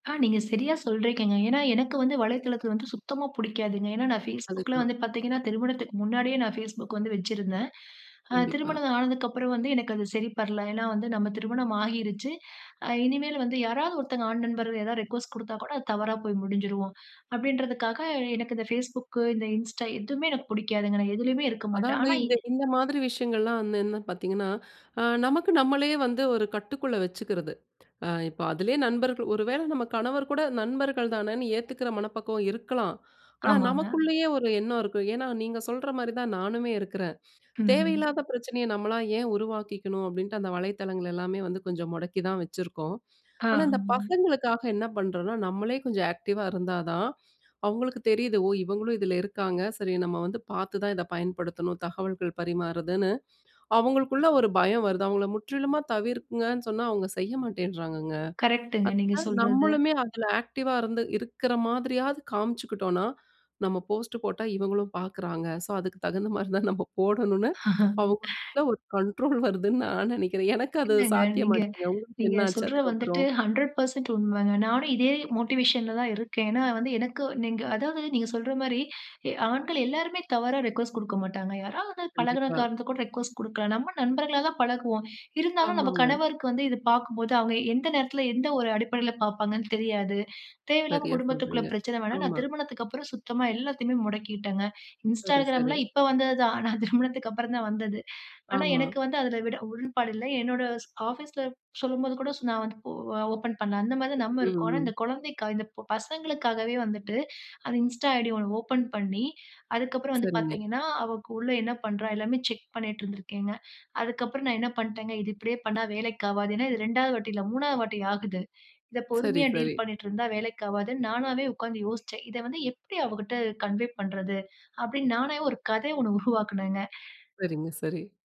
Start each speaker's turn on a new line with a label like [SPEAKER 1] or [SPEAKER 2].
[SPEAKER 1] ஆ. நீங்க சரியா சொல்றீக்கங்கங்க. ஏனா, எனக்கு வந்து வலைதளத்தில வந்து சுத்தமா புடிக்காதுங்க. ஏனா, நான் Facebookல
[SPEAKER 2] அதுதான்.
[SPEAKER 1] வந்து பார்த்தீங்கன்னா, திருமணத்துக்கு முன்னாடியே நான் Facebook வந்து வச்சிருந்தேன். அ
[SPEAKER 2] கண்டிப்பா.
[SPEAKER 1] திருமணம் ஆனதுக்கப்புறம் வந்து எனக்கு அது சரிப்படல. ஏனா, வந்து நம்ம திருமணம் ஆகிருச்சு இனிமேல் வந்து, "யாராவது ஒருத்தங்க ஆண் நண்பர் ஏதாவது ரிக்வெஸ்ட் குடுத்தா கூட அது தவறா போய் முடிஞ்சிரும்." அப்டின்றதுக்காக எனக்கு இந்த Facebook இந்த Insta, எதுவுமே எனக்கு புடிக்காதுங்க நான் எதுலயுமே இருக்க மாட்டேன்.
[SPEAKER 2] அதாவது
[SPEAKER 1] ஆனா
[SPEAKER 2] இந்த இந்த மாதிரி விஷயங்கள்லா வந்து என்னன்னு பார்த்தீங்கன்னா, அ நமக்கு நம்மளையே வந்து, ஒரு கட்டுக்குள்ள வெச்சுக்கிறது. அ இப்போ அதிலயே நண்பர்கள் ஒரு வேள நம்ம கணவர் கூட நண்பர்கள் தானேன்னு ஏத்துக்கிற மனப்பக்குவம் இருக்கலாம். ஆனா,
[SPEAKER 1] ஆமாங்க.
[SPEAKER 2] நமக்குள்ளயே ஒரு எண்ணம் இருக்கும். ஏனா, நீங்க சொல்ற மாரி தான் நானுமே இருக்கிறேன்.
[SPEAKER 1] ம்.
[SPEAKER 2] தேவையில்லாத பிரச்சனைய நம்மளா ஏன் உருவாக்கிக்கணும். அப்படீன்ட்டு அந்த வலைத்தளங்கள் எல்லாமே வந்து கொஞ்சம் முடக்கி தான் வச்சிருக்கோம். ஆனா, இந்த
[SPEAKER 1] ஆமாங்க.
[SPEAKER 2] பசங்களுக்காக என்ன பண்றோம்னா, நம்மளே கொஞ்சம் ஆக்டிவ்வா இருந்தா தான் அவங்களுக்கு தெரியிது. ஓ! இவங்களும் இதில இருக்காங்க. சரி நம்ம வந்து பார்த்து தான் இத பயன்படுத்தணும். தகவல்கள் பரிமாறுதுன்னு, அவங்களுக்குள்ள ஒரு பயம் வருது. அவங்கள முற்றிலுமா தவிர்க்கங்கன்னு சொன்னா அவங்க செய்ய மாட்டேங்கிறாங்கங்க.
[SPEAKER 1] கரெக்ட்ங்க, நீங்க
[SPEAKER 2] [unintelligible]
[SPEAKER 1] சொல்றது.
[SPEAKER 2] நம்மளுமே அதுல ஆக்டிவ்வா இருந்து, இருக்கிற மாதிரியாவது காமிச்சுக்கிட்டோம்னா, நம்ம போஸ்ட் போட்டா இவங்களும் பார்க்கிறாங்க. சோ அதுக்கு தகுந்த மாரி தான் நம்ம போடணும்னு அவங்களுக்குள்ள ஒரு கண்ட்ரோல் வருதுன்னு நான் நெனைக்கிறேன். எனக்கு அது
[SPEAKER 1] இல்லங்க. நீங்க
[SPEAKER 2] சாத்தியமாச்சுங்க. உங்களுக்கு
[SPEAKER 1] நீங்க
[SPEAKER 2] என்ன ஆச்சு
[SPEAKER 1] சொல்ற வந்துட்டு
[SPEAKER 2] அதுக்கப்புறம்?
[SPEAKER 1] 100% உண்மங்க. நானும் இதே மோட்டிவேஷன்ல தான் இருக்கேன். ஏனா, வந்து எனக்கு நீங்க அதாவது நீங்க சொல்ற மாரி எ ஆண்கள் எல்லோருமே தவறா ரிக்வெஸ்ட் குடுக்க மாட்டாங்க. யாராவது வந்து பழகுன
[SPEAKER 2] கண்டிப்பா.
[SPEAKER 1] காரணத்துக்கு கூட ரிக்வெஸ்ட் குடுக்கலாம். நம்ம நண்பர்களாக தான் பழகுவோம். இருந்தாலும் நம்ப
[SPEAKER 2] ஆமாங்க.
[SPEAKER 1] கணவருக்கு வந்து இத பார்க்கும்போது, அவங்க எந்த நேரத்தில, எந்த ஒரு அடிப்படையில, பார்ப்பாங்கன்னு தெரியாது. தேவையில்லாம
[SPEAKER 2] சரியா
[SPEAKER 1] குடும்பத்துக்குள்ள
[SPEAKER 2] சொல்றீங்க.
[SPEAKER 1] பிரச்சன வேணாம். நான்
[SPEAKER 2] ஆமா.
[SPEAKER 1] திருமணத்துக்கப்புறம் சுத்தமா எல்லாத்தையுமே முடக்கிட்டேங்க.
[SPEAKER 2] சரி, சரி.
[SPEAKER 1] Instagramலாம் இப்ப வந்தது தான். நான் திருமணத்துக்கு அப்புறம் தான் வந்தது. ஆனா,
[SPEAKER 2] ஆமா.
[SPEAKER 1] எனக்கு வந்து அதில விட உடன்பாடு இல்ல. என்னோட ஸ் ஆஃபீஸில சொல்லும்போது கூட நான் வந்து ஒ ஓப்பன் பண்ணல, அந்த மாதிரி நம்ம இருக்கோம். ஆனா,
[SPEAKER 2] ம்.
[SPEAKER 1] இந்த குழந்தைக்காக இந்த பசங்களுக்காகவே வந்துட்டு அந்த Insta ஐடி ஒண்ணு ஓப்பன் பண்ணி அதுக்கப்புறம் வந்து
[SPEAKER 2] சரிங்க.
[SPEAKER 1] பார்த்தீங்கன்னா, அவ உள்ள என்ன பண்றா எல்லாமே செக் பண்ணீட்டு இருந்திருக்கேங்க. அதுக்கப்புறம் நான் என்ன பண்டேங்க. இது இப்டியே பண்ணா வேலைக்கு ஆவாது. ஏனா, இது 2வது வாட்டி இல்ல, 3வது வாட்டி ஆகுது. இத
[SPEAKER 2] சரி,
[SPEAKER 1] பொறுமையா டீல்
[SPEAKER 2] சரி.
[SPEAKER 1] பண்ணீட்டு இருந்தா வேலைக்கு ஆகாதுன்னு, நானாவே உட்கார்ந்து யோசிச்சேன். இத வந்து எப்டி அவகிட்ட கன்வே பண்றது அப்டின்னு நானாவே ஒரு கத ஒன்னு உருவாக்கினேங்க.
[SPEAKER 2] சரிங்க, சரி.